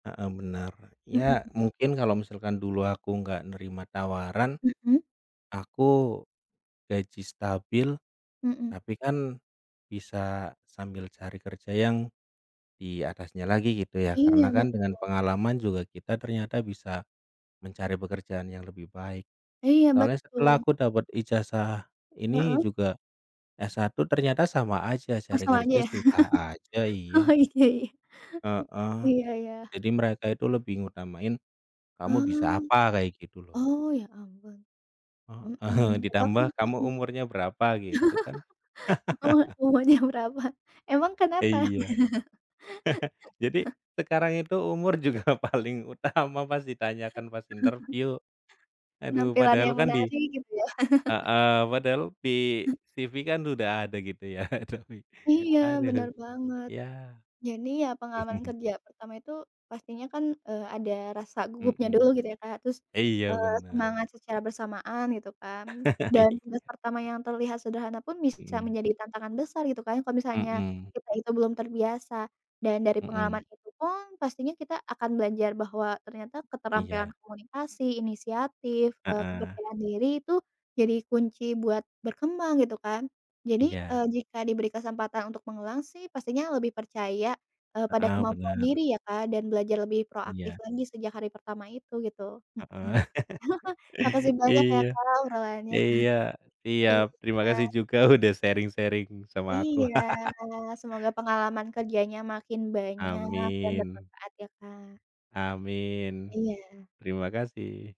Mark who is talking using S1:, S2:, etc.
S1: Heeh, bener. Ya,
S2: Mhm.
S1: mungkin kalau misalkan dulu aku nggak nerima tawaran,
S2: Mhm.
S1: aku, gaji stabil,
S2: Mhm.
S1: tapi kan, bisa sambil cari kerja yang di atasnya lagi gitu ya. Karena
S2: Iya,
S1: kan, dengan
S2: betul.
S1: pengalaman juga kita ternyata bisa, mencari pekerjaan yang lebih baik.
S2: Iya,
S1: Soalnya setelah
S2: betul.
S1: aku dapat ijazah ini
S2: Heeh.
S1: juga, S1, Ternyata sama aja cari
S2: Kosong aja
S1: kerja
S2: ya?
S1: susah aja,
S2: Oh,
S1: iya.
S2: iya, ya.
S1: Heeh.
S2: Iya iya.
S1: Jadi mereka itu lebih ngutamain, kamu bisa
S2: Ah.
S1: apa, kayak gitu loh.
S2: Oh ya ampun. Mhm,
S1: Heeh,
S2: tadi aku
S1: ditambah
S2: cuma
S1: kamu umurnya berapa gitu kan.
S2: Kakak umurnya berapa? Emang
S1: Iya.
S2: kenapa?
S1: Jadi, sekarang itu umur juga paling utama, pas ditanyakan pas interviu. Aduh
S2: Penampilan
S1: padahal
S2: yang
S1: kan di
S2: menarik, gitu ya?
S1: heeh, padahal di CV kan sudah ada gitu ya. Tapi,
S2: Iya,
S1: aduh,
S2: benar banget.
S1: ya.
S2: Jadi, ya pengalaman kerja pertama itu, pastinya kan eee, ada rasa gugupnya
S1: Mhm.
S2: dulu gitu ya Kak. Terus,
S1: Iya
S2: eee,
S1: benar.
S2: semangat secara bersamaan, gitu kan. Dan
S1: Iya.
S2: tugas pertama yang terlihat sederhana pun, bisa
S1: Mhm.
S2: menjadi tantangan besar gitu kan, kalau misalnya,
S1: Mhm.
S2: kita itu belum terbiasa. Dan dari pengalaman
S1: Mhm.
S2: itu pun, pastinya kita akan belajar bahwa ternyata keterampilan
S1: Iya.
S2: komunikasi, inisiatif, eee,
S1: Heeh.
S2: kepercayaan diri itu, jadi kunci buat berkembang, gitu kan. Jadi, e
S1: Iya.
S2: jika diberi kesempatan untuk mengulang sih, pastinya lebih percaya, eee, pada
S1: Heeh,
S2: kemampuan
S1: bener.
S2: diri ya Kak dan belajar lebih proaktif
S1: Iya.
S2: lagi sejak hari pertama itu, gitu. Hmm.
S1: Heeh,
S2: Makasih banyak ya
S1: iya
S2: Kak, obrolannya.
S1: iya. Siap. Terima
S2: Iya.
S1: kasih juga udah sharing-sharing sama aku.
S2: Iya. Semoga pengalaman kerjanya makin banyak dan
S1: Amin.
S2: bermanfaat ya Kak.
S1: Amin.
S2: Iya.
S1: Terima kasih.